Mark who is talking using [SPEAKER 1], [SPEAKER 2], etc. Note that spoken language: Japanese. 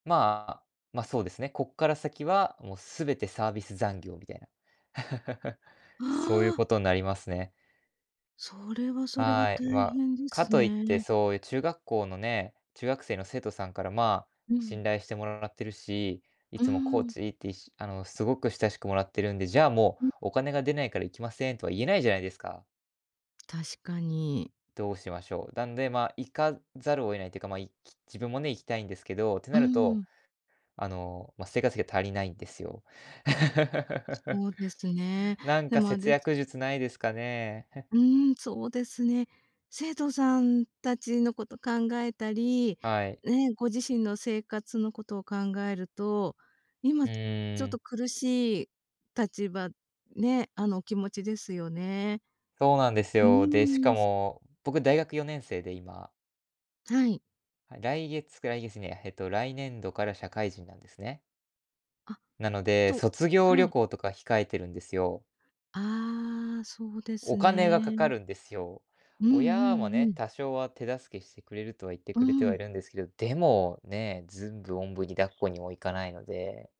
[SPEAKER 1] まあ、ま、そうですね、こっから先はもうすべてサービス残業みたいな。そうい
[SPEAKER 2] あ
[SPEAKER 1] う
[SPEAKER 2] あ。
[SPEAKER 1] ことになりますね。
[SPEAKER 2] それはそれは
[SPEAKER 1] はい、
[SPEAKER 2] 大
[SPEAKER 1] ま、
[SPEAKER 2] 変で
[SPEAKER 1] か
[SPEAKER 2] す
[SPEAKER 1] といって
[SPEAKER 2] ね。
[SPEAKER 1] そういう中学校のね、中学生の生徒さんからま、
[SPEAKER 2] うん。
[SPEAKER 1] 信頼してもらってるし、い
[SPEAKER 2] う
[SPEAKER 1] つもコー
[SPEAKER 2] ん。
[SPEAKER 1] チいっていしあの、すごく親しくもらってるんで、じゃあ、も
[SPEAKER 2] うん。
[SPEAKER 1] うお金が出ないから行きませんとは言えないじゃないですか？
[SPEAKER 2] 確かに。
[SPEAKER 1] どうしましょう、なんでまあ、行かざるを得ないっていうか、まあ行き自分もね行きたいんですけど、って
[SPEAKER 2] う
[SPEAKER 1] なると、
[SPEAKER 2] ん。
[SPEAKER 1] あの、まあ、生活費が足りないんですよ。
[SPEAKER 2] そうですね。
[SPEAKER 1] なん
[SPEAKER 2] で
[SPEAKER 1] か
[SPEAKER 2] もあれ
[SPEAKER 1] 節
[SPEAKER 2] です
[SPEAKER 1] 約術ないですかね。
[SPEAKER 2] うん、そうですね。生徒さん達のこと考えたり、
[SPEAKER 1] はい。
[SPEAKER 2] ね、ご自身の生活のことを考えると、
[SPEAKER 1] う
[SPEAKER 2] 今ちょっ
[SPEAKER 1] ーん。
[SPEAKER 2] と苦しい立場、ね、あの、お気持ちですよね。
[SPEAKER 1] そうなんです
[SPEAKER 2] う
[SPEAKER 1] よ。で、し
[SPEAKER 2] ー
[SPEAKER 1] か
[SPEAKER 2] ん。
[SPEAKER 1] も、僕大学4年生で今
[SPEAKER 2] はい。
[SPEAKER 1] はい、来月か来月にえっと、来年度から社会人なんですね
[SPEAKER 2] あ、
[SPEAKER 1] なので、
[SPEAKER 2] と
[SPEAKER 1] 卒業
[SPEAKER 2] は
[SPEAKER 1] 旅
[SPEAKER 2] い。
[SPEAKER 1] 行とか控えてるんですよ。
[SPEAKER 2] ああ、そうで
[SPEAKER 1] お
[SPEAKER 2] す
[SPEAKER 1] 金がかか
[SPEAKER 2] ね。
[SPEAKER 1] るんですよ。
[SPEAKER 2] うん
[SPEAKER 1] 親も
[SPEAKER 2] うんう
[SPEAKER 1] ね、
[SPEAKER 2] ん。
[SPEAKER 1] 多少は手助けしてくれるとは言って
[SPEAKER 2] う
[SPEAKER 1] くれてはい
[SPEAKER 2] ん。
[SPEAKER 1] るんですけど、でも、ね、全部おんぶに抱っこにもいかないので